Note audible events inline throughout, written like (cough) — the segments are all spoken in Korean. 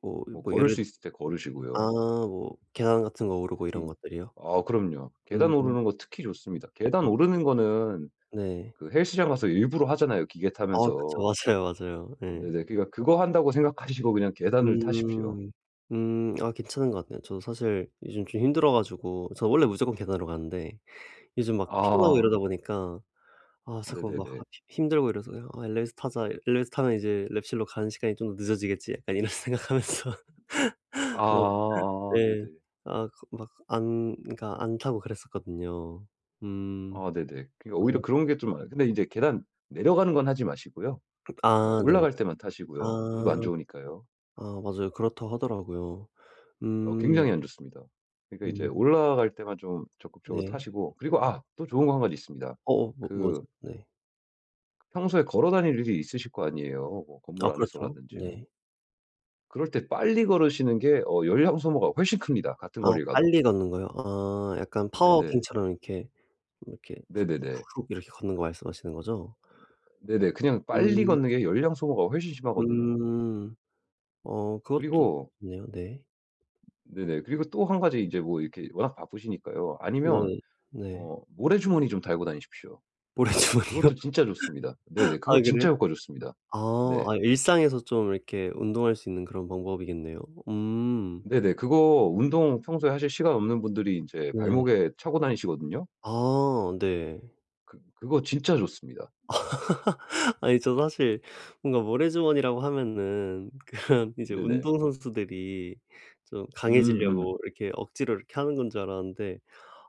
뭐 뭐 뭐 걸을 예를 수 있을 때 아 걸으시고요. 뭐 계단 같은 거 오르고 이런 특히 것들이요? 아 그럼요. 음. 계단 오르는 거 특히 좋습니다. 계단 오르는 거는 네. 그 헬스장 가서 일부러 하잖아요 기계 어 그쵸. 타면서. 맞아요, 맞아요. 예. 네네 그러니까 그거 한다고 생각하시고 그냥 계단을 타십시오. 음. 음 아 괜찮은 것 같네요. 저도 사실 요즘 좀 힘들어 가지고 저 원래 무조건 계단으로 가는데 요즘 막 피곤하고 아. 이러다 보니까 아 자꾸 막 네네네. 학 힘 힘들고 이래서 이 '아 엘리베이터 타자. 엘리베이터 타면 이제 랩실로 가는 시간이 좀 더 늦어지겠지?' 약간 이런 생각 하면서. (laughs) 어 아아. 네. 네네. 아 그 막 안 그러니까 안 타고 그랬었거든요. 음. 아 네네. 그러니까 오히려 아 그런 게 좀 많아. 근데 이제 계단 내려가는 건 하지 마시고요. 그 어 아 네. 올라갈 때만 아. 타시고요. 무릎 안 좋으니까요. 아 맞아요. 그렇다 하더라고요. 어 음. 굉장히 안 좋습니다. 그러니까 이제 음. 올라갈 때만 좀 적극적으로 네. 타시고 그리고 아 또 좋은 거 1 가지 있습니다. 아 어 어 뭐 그 뭐죠? 네. 평소에 걸어 다닐 일이 있으실 거 아니에요. 뭐 아 건물 그렇죠. 안에서라든지 뭐. 네. 그럴 때 빨리 걸으시는 게 어 열량 소모가 훨씬 큽니다 같은 아 거리를 가도. 빨리 걷는 거요? 아 약간 어 파워 네네. 워킹처럼 이렇게, 이렇게 훅 네네네. 훅훅 이렇게 걷는 거 말씀하시는 거죠? 네네 그냥 빨리 음. 걷는 게 열량 소모가 훨씬 심하거든요. 음. 어 그것도 그리고 좋네요. 네. 네네 그리고 또 1 가지 인제 뭐 이렇게 워낙 바쁘시니까요. 아니면 네 네. 어 모래 주머니 좀 달고 다니십시오. 모래 주머니요? 그것도 진짜 좋습니다. 네네 (laughs) 그거 아 진짜 그래요? 효과 좋습니다. 아. 네. 아 일상에서 좀 이렇게 운동할 수 있는 그런 방법이겠네요. 음. 네네 그거 운동 평소에 하실 시간 없는 분들이 인제 네. 발목에 차고 다니시거든요? 아 네. 그 그거 진짜 좋습니다. (laughs) 아니 저도 사실 뭔가 모래 주머니라고 하면은 그런 이제 네네. 운동선수들이 좀 음 음. 강해지려고 이렇게 억지로 이렇게 하는 건 줄 알았는데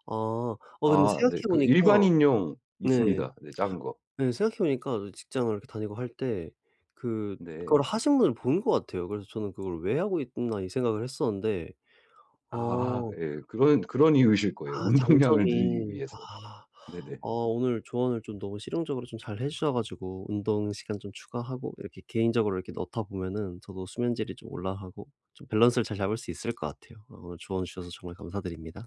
아. 아 근데 아 네 생각해 그 보니까 일반인용 네. 있습니다. 네 작은 거. 네 생각해 보니까 직장을 이렇게 다니고 할 때 네. 그거를 하신 분을 본 것 같아요. 그래서 저는 '그걸 왜 하고 있나.' 이 생각을 했었는데 아하 어 예. 그런 그런 이유이실 거예요. 아 운동량을 늘리기 장점이 위해서. 아. 네네. 어 오늘 조언을 좀 너무 실용적으로 좀 잘 해 주셔 가지고 운동 시간 좀 추가하고 이렇게 개인적으로 이렇게 넣다 보면은 저도 수면 질이 좀 올라가고 좀 밸런스를 잘 잡을 수 있을 것 같아요. 어 오늘 조언 주셔서 정말 감사드립니다.